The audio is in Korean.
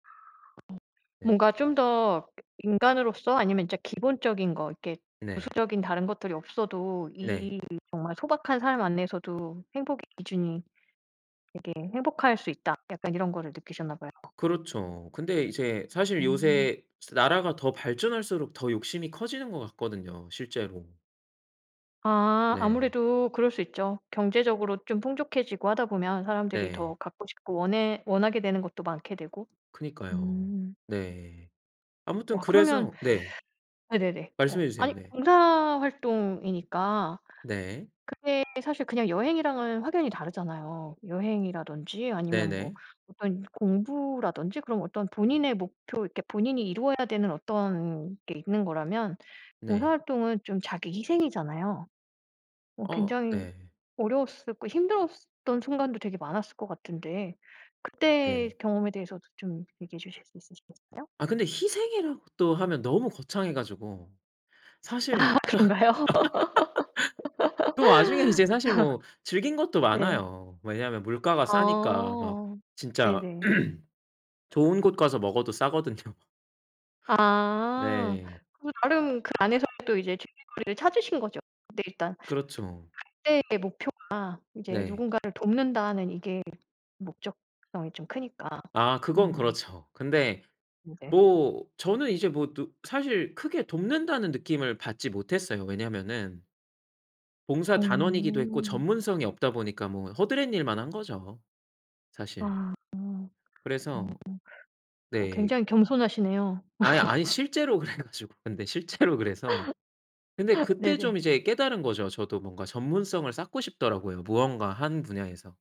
아 어. 네. 뭔가 좀 더 그 '인간으로서 아니면 진짜 기본적인 것 이렇게 네. 부수적인 다른 것들이 없어도 네. 이 정말 소박한 삶 안에서도 행복의 기준이 되게 행복할 수 있다.' 약간 이런 거를 느끼셨나 봐요. 그렇죠. 근데 이제 사실 어. 요새 진짜 나라가 더 발전할수록 더 욕심이 커지는 것 같거든요, 실제로. 아 네. 아무래도 그럴 수 있죠. 경제적으로 좀 풍족해지고 하다 보면 사람들이 네. 더 갖고 싶고 원해 원하게 되는 것도 많게 되고. 그니까요. 음. 네. 아무튼 와 그러면 그래서 네. 네네네 어 말씀해주세요. 아니 네. 봉사 활동이니까 네. 그게 사실 그냥 여행이랑은 확연히 다르잖아요. 여행이라든지 아니면 뭐 네네. 어떤 공부라든지 그런 어떤 본인의 목표 이렇게 본인이 이루어야 되는 어떤 게 있는 거라면 네. 봉사활동은 좀 자기 희생이잖아요. 어 어 굉장히 네. 어려웠을 고 힘들었던 순간도 되게 많았을 것 같은데. 그때 네. 경험에 대해서도 좀 얘기해 주실 수 있으시겠어요? 아. 근데 희생이라고 또 하면 너무 거창해가지고. 아. 사실 딱 그런가요? 또 와중에 이제 사실 뭐 즐긴 것도 네. 많아요. 왜냐면 물가가 싸니까 막 아. 진짜 네네. 좋은 곳 가서 먹어도 싸거든요. 아. 네. 그 나름 그 안에서 또 이제 즐길거리를 찾으신 거죠. 네. 일단 그렇죠. 갈 때 목표가 이제 네. 누군가를 돕는다는 이게 목적성이 좀 크니까. 아 그건 음. 그렇죠. 근데 음 네. 뭐 저는 이제 뭐 느 사실 크게 돕는다는 느낌을 받지 못했어요. 왜냐면은 봉사단원이기도 했고 어. 전문성이 없다 보니까 뭐 허드렛일만 한 거죠, 사실. 아. 어. 그래서 어 네. 굉장히 겸손하시네요. 아니, 아니 실제로 그래 가지고. 근데 실제로 그래서. 근데 그때 네네. 좀 이제 깨달은 거죠. 저도 뭔가 전문성을 쌓고 싶더라고요, 무언가 한 분야에서.